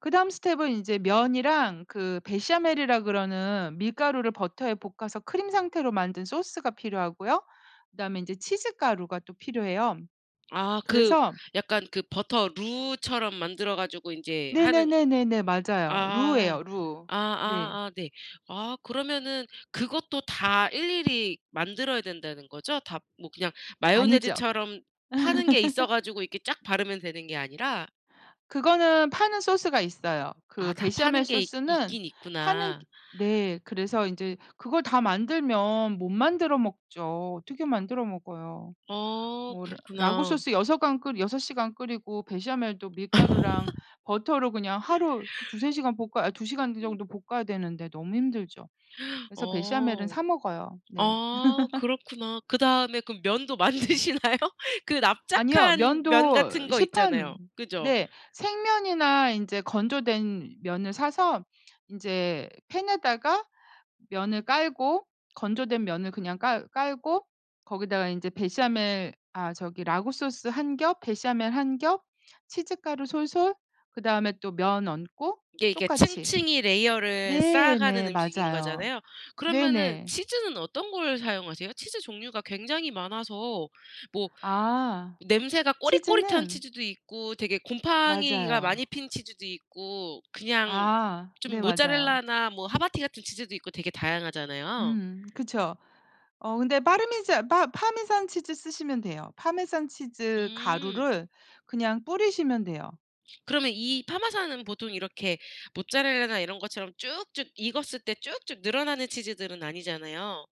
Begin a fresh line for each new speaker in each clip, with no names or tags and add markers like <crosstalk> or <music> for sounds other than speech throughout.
그다음 스텝은 인제 면이랑 그 베샤멜이라 그러는 밀가루를 버터에 볶아서 크림 상태로 만든 소스가 필요하고요. 그다음에 인제 치즈 가루가 또 필요해요.
아 그
그래서
약간 그 버터 루처럼 만들어 가지고 인제 하는
네네네네네. 맞아요.
아
루예요, 루. 네.
아아아 네. 아 그러면은 그것도 다 일일이 만들어야 된다는 거죠? 다 뭐 그냥
아니죠.
마요네즈처럼 파는 게 있어
<laughs>
가지고 이렇게 쫙 바르면 되는 게 아니라?
그거는 파는 소스가 있어요. 그
아 다
베샤멜
파는 게 이
소스는
있긴
파는 기
있구나.
네. 그래서 인제 그걸 다 만들면 못 만들어 먹죠. 어떻게 만들어 먹어요?
어
뭐 라 라구
그렇구나.
소스 여서간 끓 6 시간 끓이고 베샤멜도 밀가루랑
<laughs>
버터로 그냥 하루
<laughs>
2-3 시간 볶아 아니 2 시간 그
음.
정도 볶아야 되는데 너무 힘들죠.
<gasps>
그래서 베샤멜은
어.
사 먹어요. 네.
아
<laughs>
그렇구나. 그다음에 그럼 면도 만드시나요? 그
아니요.
납작한 면 같은
면도
거
시판
있잖아요. 그죠?
네. 생면이나 인제 건조된 면을 사서 인제 팬에다가 면을 깔고 건조된 면을 그냥 깔 깔고 거기다가 인제 베샤멜 아 저기 라구 소스 1 겹, 베샤멜 1 겹, 치즈 가루 솔솔, 그다음에 또 면 얹고
이게 이게
똑같이.
층층이 레이어를
네.
쌓아가는
네.
음식인
맞아요.
거잖아요. 그러면은
네네.
치즈는 어떤 걸 사용하세요? 치즈 종류가 굉장히 많아서 뭐
아.
냄새가 꼬릿꼬릿한
치즈는
치즈도 있고 되게 곰팡이가
맞아요.
많이 핀 치즈도 있고 그냥
아.
좀
네. 맞아요.
모짜렐라나 뭐 하바티 같은 치즈도 있고 되게 다양하잖아요.
음 그쵸. 어 근데 빠르미잔 빠 파마산 치즈 쓰시면 돼요. 파마산 치즈
음.
가루를 그냥 뿌리시면 돼요.
그러면 이 파마산은 보통 이렇게 모짜렐라나 이런 것처럼 쭉쭉 익었을 때 쭉쭉 늘어나는 치즈들은 아니잖아요.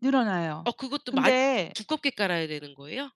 늘어나요.
어 그것도 많이
근데
두껍게 깔아야 되는 거예요?